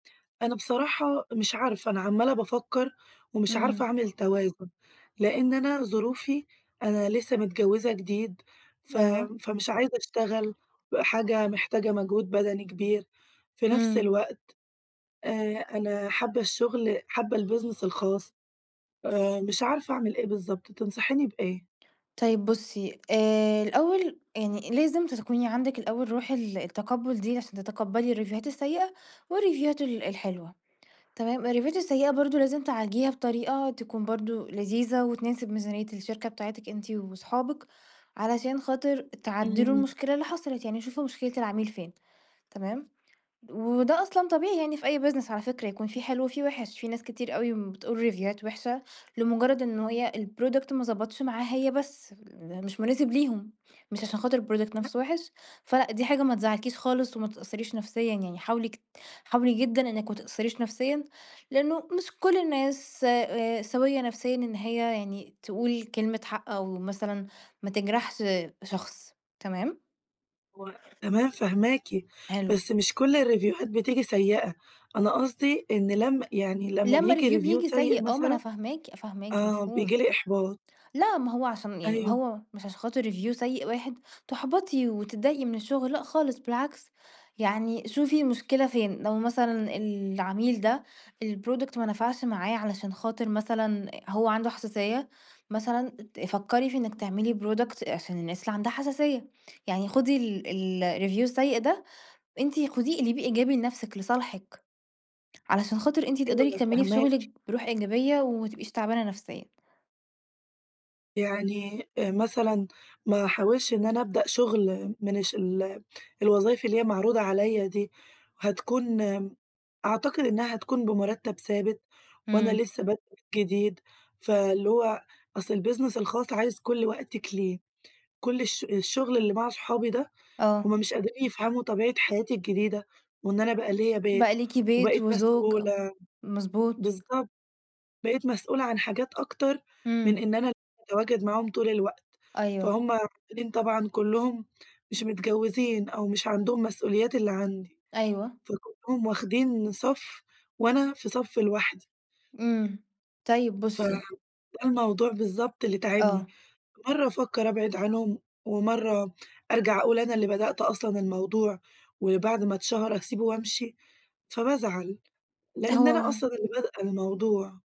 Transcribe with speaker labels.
Speaker 1: أنا بصراحة، مش عارفة، أنا عمَّالة بافكّر ومش عارفة
Speaker 2: إمم.
Speaker 1: أعمل توازُن؛ لأن أنا ظروفي، أنا لسه متجوّزة جديد ف
Speaker 2: آه.
Speaker 1: فمش عايزة أشتغل بحاجة محتاجة مجهود بدني كبير، في نفس
Speaker 2: إمم.
Speaker 1: الوقت آآ أنا حابّة الشغل، حابّة الbusiness الخاص آآ، مش عارفة أعمل إيه بالضبط. تنصحيني بإيه؟
Speaker 2: طيب بُصّي آآ، الأول يعني لازم تكوني عندِك الأول رُوح ال التقبُّل دي عشان تتقبّلي الريفيوهات السيّئة والريفيوهات ال الحلوة، تمام، الريفيوهات السيّئة برضه لازم تعالجيها بطريقة تكون برضه لذيذة، وتناسب ميزانيّة الشركة بتاعتِك أنتِ وأصحابِك، علشان خاطِر تعدِّلوا
Speaker 1: إمم.
Speaker 2: المشكلة اللي حصَلِت، يعني شوفوا مشكلة العميل فين. تمام. وده أصلًا طبيعي يعني في أي business على فكرة يكون في حلوة وفي وِحش، في ناس كتير أوي بتقول ريفيوهات وِحشة لمجرّد إن هي الproduct ما ضبَطش معاها، هي بس مش مناسب ليهم، مش عشان خاطر الproduct نفْسه وِحش، فلأ، دي حاجة ما تزّعلكيش خالص وما تتأثّريش نفسيًا يعني حاولي ك حاولي جدًا إنِك ما تتأثّريش نفسيًا لأنه مش كلّ الناس س سويّة نفسيًا، إن هي يعني تقول كلمة حق أو مثلًا ما تجرَحش شخص، تمام؟
Speaker 1: هو تمام، فاهماكِ،
Speaker 2: حلو.
Speaker 1: بس مش كل الريفيوهات بتيجي سيّئة، أنا قصْدي إن لم يعني لمّا
Speaker 2: لما
Speaker 1: بييجي
Speaker 2: review
Speaker 1: review
Speaker 2: بييجي
Speaker 1: سيّء
Speaker 2: سيء آه، ما أنا
Speaker 1: مثلًا
Speaker 2: فاهماكِ فاهماكِ،
Speaker 1: آآ،
Speaker 2: مفهوم.
Speaker 1: بييجي لي إحباط.
Speaker 2: لأ، ما هو عشان يعني ما
Speaker 1: أيوه.
Speaker 2: هو مش عشان خاطر review سيّء واحد تُحبَطي وتتضايقي من الشغل، لأ خالص بالعكْس، يعني شوفي المشكلة فين لو مثلًا العميل ده الproduct ما نفَعش معاه علشان خاطِر مثلًا هو عنده حساسيّة، مثلًا ت فكّري في إنِك تعملي product عشان الناس اللي عندها حساسيّة، يعني خدي ال ال الreview السيّء ده، أنتِ خُديه اقلبيه إيجابي لنفسِك، لصالحِك، علشان خاطر أنتِ
Speaker 1: أيوه
Speaker 2: تقدَري تكمّلي في شُغلِك
Speaker 1: فاهماكِ.
Speaker 2: برُوح إيجابية، وما تبقيش تعبانة نفسيًا.
Speaker 1: يعني أ مثلًا ما أحاولش إن أنا أبدأ شُغل من الش ال الوظايف اللي هي معروضة عليَّ دي، هتكون، أعتقد إنها هتكون بمرتّب ثابت وأنا
Speaker 2: إمم.
Speaker 1: لسه بادئة جديد، فاللي هو أصْل البيزنس الخاص، عايز كل وقتِك ليه، كل الش الشغل اللي مع أصحابي ده، هُم
Speaker 2: آه.
Speaker 1: مش قادرين يفهَموا طبيعة حياتي الجديدة وإن أنا بقى ليَّ
Speaker 2: بقى
Speaker 1: بيت
Speaker 2: ليكِ بيت
Speaker 1: وبقيت
Speaker 2: وزوج.
Speaker 1: مسئولة
Speaker 2: مضبوط.
Speaker 1: بالضبط. بقيت مسئولة عن حاجات أكتر من
Speaker 2: إمم.
Speaker 1: إن أنا أتواجد معاهم طول الوقت،
Speaker 2: أيوه.
Speaker 1: فهُم [unintelligible] طبعًا كلّهم مش متجوّزين أو مش عندهم مسئوليات اللي عندي،
Speaker 2: أيوه.
Speaker 1: فكلّهم واخدين صَف وأنا في صَف لوحدي.
Speaker 2: إمم. طيب
Speaker 1: ف
Speaker 2: بُصّي
Speaker 1: ده الموضوع بالضبط اللي تاعبني،
Speaker 2: آه.
Speaker 1: مرَّة أفكّر أبعِد عنهم، ومرَّة أرجَع أقول أنا اللي بدأت أصلًا الموضوع، وبعد ما اتشَهر أسيبه وأمشي، فبازعَل، لأن أنا أصلًا
Speaker 2: هو
Speaker 1: اللي بادئة الموضوع.